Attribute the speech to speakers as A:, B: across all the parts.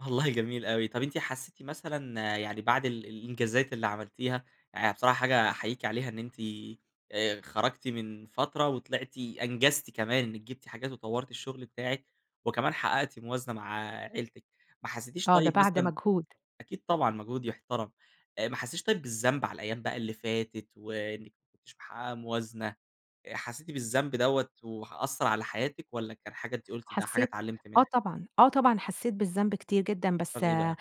A: والله جميل أوي، طب أنتِ حسيتِ مثلًا، يعني بعد ال الإنجازات اللي عملتيها، يعني بصراحة حاجة أحييكِ عليها، إن أنتِ آآ خرجتِ من فترة، وطلعتِ أنجزتِ كمان إنك جبتِ حاجات، وطورتِ الشغل بتاعك، وكمان حققتِ موازنة مع عيلتِك. ما حسيتيش
B: آه ده
A: طيب
B: بعد
A: مثلًا
B: مجهود.
A: أكيد طبعًا، مجهود يحترم، آآ ما حسيتيش طيب بالذنب على الأيام بقى اللي فاتت، وإنك ما كنتيش محققة موازنة، آآ حسيتِ بالذنب دوَّة، وح أثر على حياتِك والّا كان حاجة أنتِ قلتِ إنها حاجة
B: حسيت
A: اتعلمت
B: آه
A: منها؟
B: طبعًا، آه طبعًا حسيت بالذنب كتير جدًا بس
A: w إيه بقى؟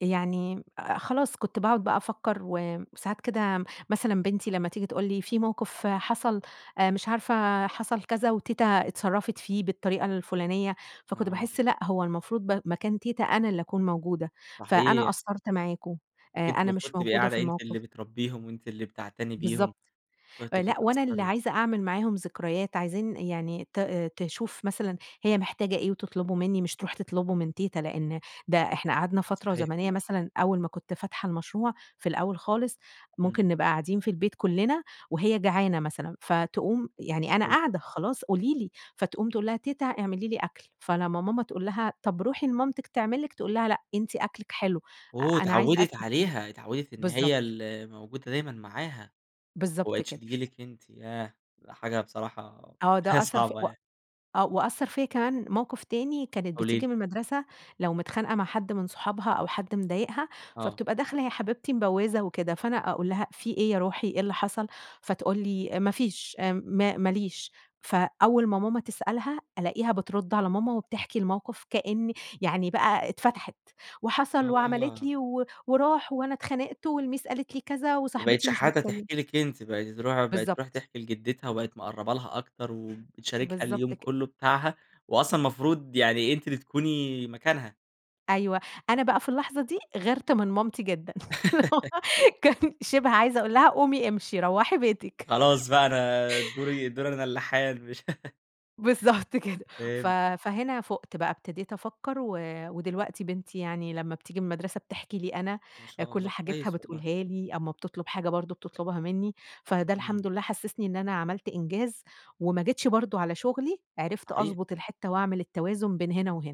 B: يعني خلاص كنت باقعد بقى أفكّر و ساعات كده مثلًا بنتي لمّا تيجي تقول لي في موقف حصل آآ مش عارفة حصل كذا وتيتة اتصرفت فيه بالطريقة الفلانية، فكنت
A: آه.
B: باحس لأ هو المفروض ب مكان تيتة أنا اللي أكون موجودة، فأنا
A: صحيح.
B: قصّرت معاكم
A: كنتِ
B: آآ
A: أنتِ
B: أنا مش
A: المفروض تبقي
B: موجودة في
A: قاعدة أنتِ اللي
B: الموقف.
A: بتربيهم، وأنتِ اللي بتعتني بيهم،
B: بالضبط، آآ
A: [unintelligible]
B: لأ وأنا اللي
A: بتقصري.
B: عايزة أعمل معاهم ذكريات عايزين يعني ت تشوف مثلًا هي محتاجة إيه وتطلبه منّي مش تروح تطلبه من تيتة، لأن ده إحنا قعدنا فترة
A: صحيح
B: زمنية
A: والله.
B: مثلًا أول ما كنت فاتحة المشروع في الأول خالص
A: إمم.
B: ممكن نبقى قاعدين في البيت كلنا وهي جعانة مثلًا، فتقوم يعني، أنا
A: حلو.
B: قاعدة خلاص قولي لي فتقوم تقول لها: "تيتة اعملي لي أكل." فلما ماما تقول لها طب روحي لمامتِك تعمل لِك تقول لها: "لأ أنتِ أكلك حلو
A: أوه!
B: أنا عايزة
A: اتعودت
B: أكلك أنتِ."
A: عليها اتعودت إن هي
B: بالضبط.
A: اللي موجودة دايمًا معاها، وما
B: بالضبط
A: بقيتش
B: كده.
A: تيجي لِك أنتِ، ياه! حاجة بصراحة،
B: آه
A: حاجة
B: ده أثّر في
A: صعبة
B: و
A: يعني.
B: آه وأثر فيا كمان موقف تاني كانت
A: قولي لي.
B: بتيجي من المدرسة لو متخانقة مع حد من صحابها أو حد مضايقها
A: آه.
B: فبتبقى داخلة يا حبيبتي مبوزة وكده، فأنا أقول لها: "في إيه يا روحي، إيه اللي حصل؟" فتقول لي: "ما فيش امم ما ماليش" فأول ما ماما تسألها ألاقيها بترد على ماما وبتحكي الموقف كأن يعني بقى اتفتحت وحصل وعملت
A: آه.
B: لي و وراح وأنا اتخانقت والميس قالت لي كذا
A: ما
B: وصاحبتي
A: بقيتش
B: مش
A: حتى
B: بتكلم
A: تحكي لك أنتِ، بقِت ترو بقِت تروح
B: بالضبط.
A: تحكي لجدتها، وبقِت مقربة لها أكتر وبتشاركها
B: بالضبط
A: اليوم
B: كد
A: كلّه بتاعها، وأصلًا المفروض يعني أنتِ اللي تكوني مكانها.
B: أيوه أنا بقى في اللحظة دي غيرت من مامتي جدًا كان شبه عايزة أقول لها قومي امشي روَّحي بيتِك.
A: خلاص بقى أنا دوري دوري أنا اللي حان مش
B: بالضبط كده ف
A: فهمت.
B: فهنا فُقت بقى ابتديت أفكّر و ودلوقتي بنتي يعني لمّا بتيجي من المدرسة بتحكي لي أنا،
A: ما شاء
B: كل
A: الله،
B: حاجتها
A: كويس والله.
B: بتقولها لي أما بتطلب حاجة برضه بتطلبها مني، فده
A: إمم.
B: الحمد لله حسسني إن أنا عملت إنجاز وما جيتش برضه على شغلي، عرفت
A: صحيح.
B: أضبط الحتّة، وأعمل التوازن بين هنا وهنا.